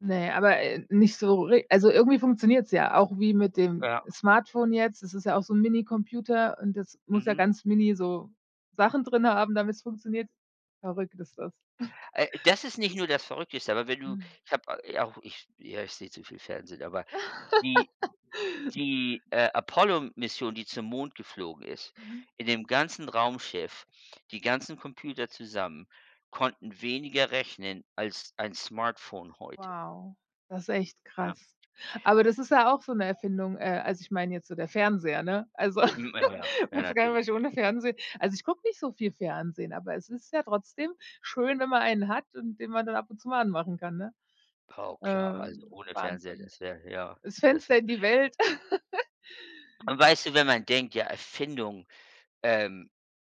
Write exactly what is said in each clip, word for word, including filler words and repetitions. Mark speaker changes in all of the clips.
Speaker 1: Ne, aber, äh, nicht so re also, irgendwie funktioniert's ja auch wie mit dem
Speaker 2: Ja.
Speaker 1: Smartphone jetzt. Das ist ja auch so 'n Minicomputer und das muss ja
Speaker 2: Mhm.
Speaker 1: ganz mini so Sachen drin haben, damit's funktioniert. Verrückt ist das.
Speaker 2: Äh, das ist nicht nur das Verrückteste, aber wenn du
Speaker 1: Mhm.
Speaker 2: ich habe a äh, auch ich ja, ich sehe zu viel Fernsehen, aber die die, äh, Apollo-Mission, die zum Mond geflogen ist,
Speaker 1: Mhm.
Speaker 2: in dem ganzen Raumschiff, die ganzen Computer zusammen konnten weniger rechnen als ein Smartphone heute.
Speaker 1: Wow, das echt
Speaker 2: Ja.
Speaker 1: krass. Aber das ist ja auch so 'ne Erfindung, äh, also, ich meine jetzt so der Fernseher, ne? Also,
Speaker 2: Mhm, ja, ja, ja
Speaker 1: weiß gar nicht mehr was
Speaker 2: natürlich.
Speaker 1: ich ohne Fernsehen also, ich gucke nicht so viel Fernsehen, aber es ist ja trotzdem schön, wenn man einen hat und den man dann ab und zu mal anmachen kann, ne?
Speaker 2: Oh klar,
Speaker 1: Äh,
Speaker 2: also, ohne Fernseher,
Speaker 1: Wahnsinn,
Speaker 2: das wäre, ja
Speaker 1: das
Speaker 2: das w
Speaker 1: Fenster in die Welt.
Speaker 2: Und weißt du, wenn man denkt, ja, Erfindung, ähm,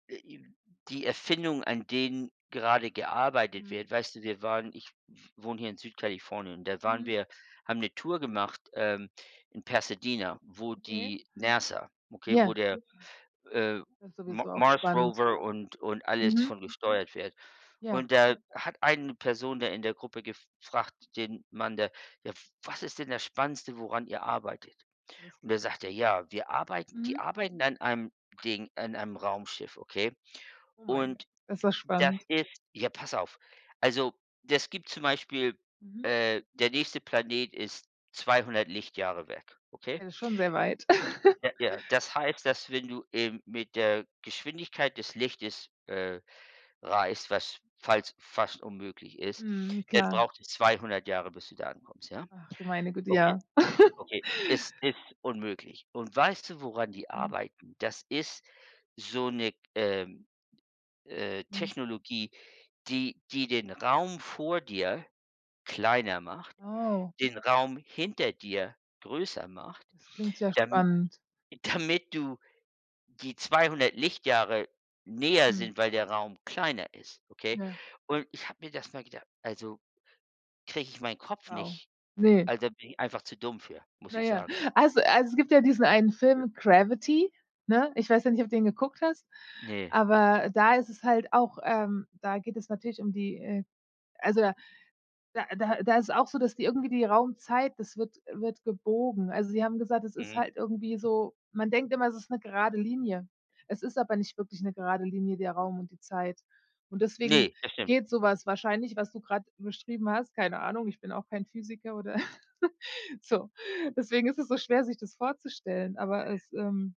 Speaker 2: äh, i die Erfindungen, an denen gerade gearbeitet
Speaker 1: Mhm.
Speaker 2: wird weißt du, wir waren ich w wohne hier in Süd-Kalifornien und da waren
Speaker 1: Mhm.
Speaker 2: wir haben 'ne Tour gemacht, ähm, in Pasadena, wo
Speaker 1: Okay.
Speaker 2: die NASA okay, wo
Speaker 1: Ja.
Speaker 2: der, äh,
Speaker 1: Das ist
Speaker 2: M
Speaker 1: sowieso auch
Speaker 2: Mars
Speaker 1: spannend.
Speaker 2: Rover und und alles
Speaker 1: Mhm.
Speaker 2: von gesteuert wird.
Speaker 1: Ja.
Speaker 2: Und da hat eine Person da in der Gruppe gefragt, den Mann da: „Ja, was ist denn das Spannendste, woran ihr arbeitet?"
Speaker 1: Alles
Speaker 2: Und
Speaker 1: klar.
Speaker 2: da sagt er: „Ja, wir arbeiten” die
Speaker 1: Mhm.
Speaker 2: arbeiten an einem Ding, an einem Raumschiff, okay?
Speaker 1: Oh mein
Speaker 2: Und
Speaker 1: Gott, ist das
Speaker 2: das
Speaker 1: spannend.
Speaker 2: ist ja, pass auf. Also, das gibt zum Beispiel
Speaker 1: Mhm.
Speaker 2: äh, der nächste Planet ist zweihundert Lichtjahre weg, okay?
Speaker 1: Ja das ist schon sehr weit.
Speaker 2: Ja, ja, das heißt, dass wenn du eben mit der Geschwindigkeit des Lichtes, äh, reist, was falls fast unmöglich ist,
Speaker 1: Mhm,
Speaker 2: dann
Speaker 1: klar.
Speaker 2: braucht es zweihundert Jahre, bis du da ankommst, ja.
Speaker 1: Ach, du meine Güte,
Speaker 2: Okay,
Speaker 1: ja.
Speaker 2: okay, es ist unmöglich. Und weißt du, woran die
Speaker 1: Mhm.
Speaker 2: arbeiten? Das ist so 'ne, ähm, äh,
Speaker 1: Mhm.
Speaker 2: Technologie, die die den Raum vor dir kleiner macht,
Speaker 1: Wow.
Speaker 2: den Raum hinter dir größer macht,
Speaker 1: Das klingt sehr
Speaker 2: dami
Speaker 1: spannend.
Speaker 2: damit du die zweihundert Lichtjahre näher
Speaker 1: Mhm.
Speaker 2: sind, weil der Raum kleiner ist, okay?
Speaker 1: Ja.
Speaker 2: Und ich habe mir das mal gedacht, also, kriege ich meinen Kopf
Speaker 1: Wow,
Speaker 2: nicht
Speaker 1: ne?
Speaker 2: also, da bin ich einfach zu dumm für, muss
Speaker 1: Na
Speaker 2: ich
Speaker 1: ja,
Speaker 2: sagen.
Speaker 1: also also, es gibt ja diesen einen
Speaker 2: Ja.
Speaker 1: Film, „Gravity“, ne? Ich weiß ja nicht, ob du den geguckt hast,
Speaker 2: Ne.
Speaker 1: aber da ist es halt auch, ähm da geht es natürlich um die, äh also, da da da ist es auch so, dass die irgendwie die Raumzeit das wird wird gebogen. Also, sie haben gesagt, es ist
Speaker 2: Mhm.
Speaker 1: halt irgendwie so man denkt immer, es ist 'ne gerade Linie. Es ist aber nicht wirklich 'ne gerade Linie, der Raum und die Zeit. Und deswegen
Speaker 2: Ne, das stimmt.
Speaker 1: geht so was wahrscheinlich, was du grad beschrieben hast. Keine Ahnung, ich bin auch kein Physiker oder so. Deswegen ist es so schwer, sich das vorzustellen, aber es, ähm